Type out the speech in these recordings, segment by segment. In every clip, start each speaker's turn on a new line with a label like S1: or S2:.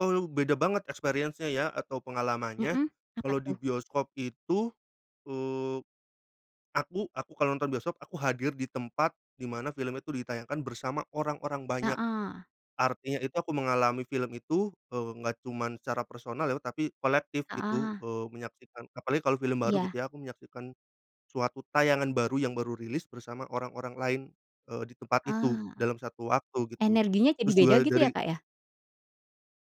S1: Oh, lu beda banget experience-nya ya atau pengalamannya.
S2: Mhm. Apa
S1: Kalau di
S2: tuh?
S1: bioskop itu, eee, aku aku kalau nonton bioskop, aku hadir di tempat, di mana film itu ditayangkan, bersama orang-orang banyak.
S2: Heeh.
S1: Artinya itu, aku mengalami film itu, eee, enggak cuman secara personal, ya tapi kolektif, gitu,
S2: Heeh.
S1: eee, menyaksikan. Apalagi kalau film baru, gitu
S2: Iya.
S1: ya aku menyaksikan, suatu tayangan baru yang baru rilis, bersama orang-orang lain, eee, di tempat itu.
S2: Eee.
S1: Dalam satu waktu, gitu.
S2: Energinya jadi
S1: Terus
S2: beda
S1: juga
S2: gitu ya,
S1: dari
S2: Kak, ya?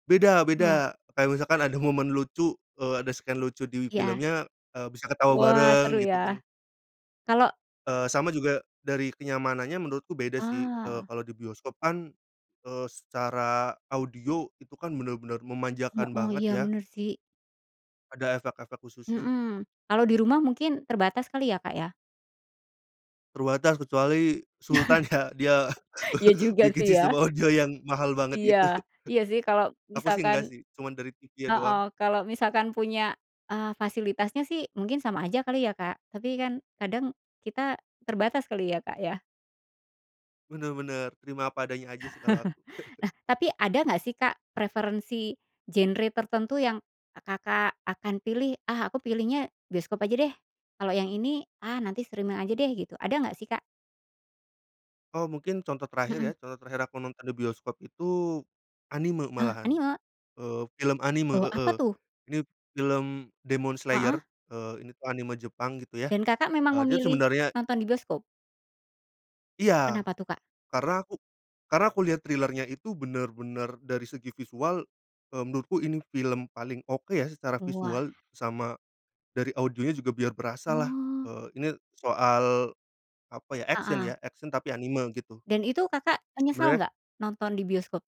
S1: Beda
S2: Loh.
S1: beda. Kayak misalkan ada momen lucu. Eee, ada scene lucu di
S2: Iya.
S1: filmnya, eee, bisa ketawa
S2: Wah! Seru
S1: bareng, gitu kan?
S2: ya? Kalo
S1: Eee, sama juga dari kenyamanannya, menurutku beda sih. Eee,
S2: Ah!
S1: kalo di bioskop kan, eee, secara audio itu kan bener-bener memanjakan
S2: Heeh,
S1: banget,
S2: iya,
S1: ya.
S2: bener sih.
S1: Ada efek-efek khususnya.
S2: Mhm. Kalau di rumah, mungkin terbatas kali ya, Kak, ya?
S1: Terbatas. Kecuali sultan, ya. Dia
S2: Iya, juga
S1: bikin
S2: sih,
S1: sistem
S2: ya?
S1: audio yang mahal banget
S2: Iya,
S1: itu.
S2: iya sih, kalau
S1: Aku sih
S2: misalkan
S1: enggak sih. Cuman dari TV-nya doang.
S2: heeh, kalau misalkan punya, eee, fasilitasnya sih, mungkin sama aja kali ya, Kak? Tapi kan, kadang kita terbatas kali ya, Kak, ya?
S1: Bener bener. Terima apa adanya aja, sih, kalo aku.
S2: Nah, tapi ada enggak sih, Kak, preferensi genre tertentu yang Kakak akan pilih? Ah, aku pilihnya bioskop aja deh. Kalau yang ini, ah, nanti streaming aja deh, gitu. Ada enggak sih, Kak?
S1: Oh, mungkin contoh terakhir ya?
S2: Mhm.
S1: Contoh terakhir aku nonton di bioskop itu, anime
S2: Oh,
S1: malahan.
S2: anime?
S1: Eee, film anime
S2: Eee,
S1: heeh,
S2: apa tuh?
S1: ini film Demon Slayer,
S2: Heeh?
S1: eee, ini tu anime Jepang, gitu ya.
S2: Dan Kakak memang
S1: Eee, dia
S2: memilih
S1: sebenarnya
S2: nonton di bioskop?
S1: Iya.
S2: Kenapa tuh, Kak?
S1: Karena aku karena aku lihat trailer-nya itu, bener-bener dari segi visual, eee, menurutku ini film paling oke, ya, secara
S2: Wah.
S1: visual, sama dari audionya juga biar berasalah,
S2: Oh.
S1: eee, ini soal, apa ya? Action
S2: Heeh.
S1: ya? Action tapi anime, gitu.
S2: Dan itu, Kakak, menyesal
S1: Sebenarnya
S2: enggak? Nonton di bioskop?